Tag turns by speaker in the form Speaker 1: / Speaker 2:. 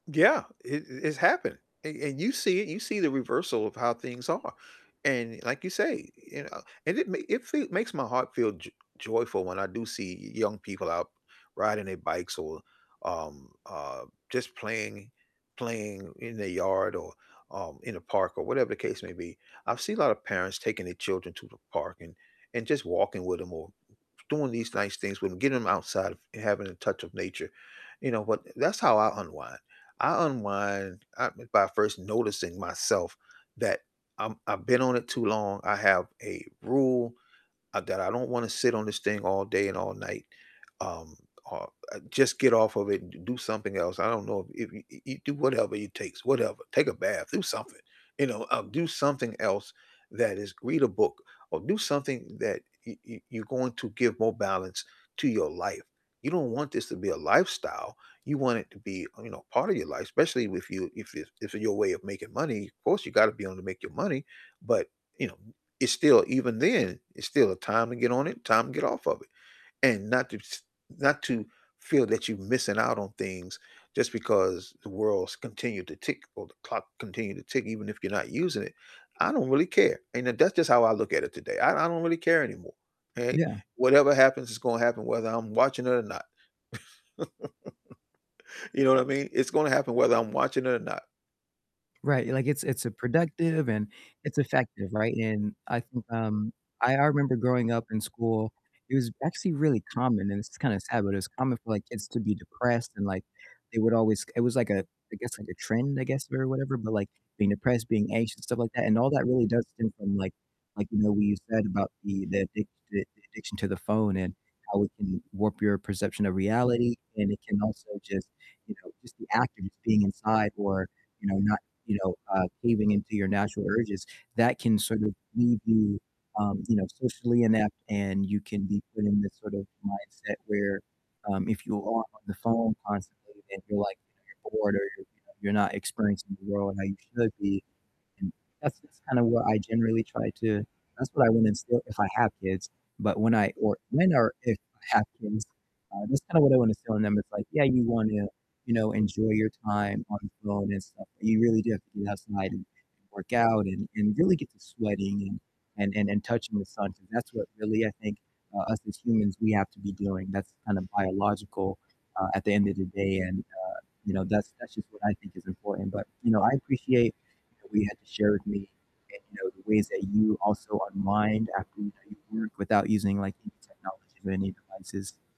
Speaker 1: Yeah, it it's happening, and and you see you see the reversal of how things are, and, like you say, you know, and it ma it feel makes my heart feel jo joyful when I do see young people out riding their bikes or, um, uh, just playing playing in their yard or, um, in a park, or whatever the case may be. I've seen a lot of parents taking their children to the park and and just walking with 'em, or doing these nice things with 'em, getting them outside of and having a touch of nature. You know what, that's how I unwind. I unwind, uh, by first noticing myself that I'm I've been on it too long, I have a rule, uh, that I don't wanna sit on this thing all day and all night, um, uh, just get off of it and d do something else. I don't know if if y you do whatever it takes, whatever, take a bath, do something. You know, uh, do something else, that is read a book or do something that y y you're going to give more balance to your life. You don't want this to be a lifestyle, you want it to be, you know, part of your life, especially if you if it's if it's your way of making money, of course, you gotta be able to make your money, but, you know, it's still even then, it's still a time to get on it, time to get off of it, and not to s not to feel that you're missing out on things just because the world's continued to tick or the clock continued to tick even if you're not using it. I don't really care, and that's just how I look at it today. I I don't really care anymore, okay?
Speaker 2: Yeah.
Speaker 1: Whatever happens is gonna happen whether I'm watching it or not. You know what I mean? It's gonna happen whether I'm watching it or not.
Speaker 2: Right. Like, it's it's productive and it's effective, right? And I think, um, I I remember growing up in school, it was actually really common, and this is kinda sad, but it was common for, like, kids to be depressed and, like, they would always it was like a I guess, like, a trend, I guess, or whatever, but, like, being depressed, being anxious, stuff like that, and all that really does stem from, like like, you know, what you said about the the addict the addiction to the phone and how it can warp your perception of reality, and it can also just you know, just the act of just being inside or, you know, not, you know uh, caving into your natural urges, that can sort of leave you, um, you know, socially inept, and you can be put in this sort of mindset where, um, if you are on the phone constantly and you're, like, bored or you're you're not experiencing the world how you should be, and that's that's kind of what I generally try to that's what I wanna instill, if I have kids, but when I or when or if I have kids, uh, that's kind of what I wanna instill in them. It's, like, yeah, you wanna, you know, enjoy your time on the phone and stuff, but you really do have to get outside and work out, and and really get to sweating, and and and touching the sun 'cause that's what really, I think, uh, us as humans, we have to be doing, that's kind of biological, uh, at the end of the day, and, uh, you know, that's that's just what I think is important, but, you know, I appreciate that we had to share with me, uh, you know, the ways that you also unwind after, you know, you work without using, like, any technology or any devices.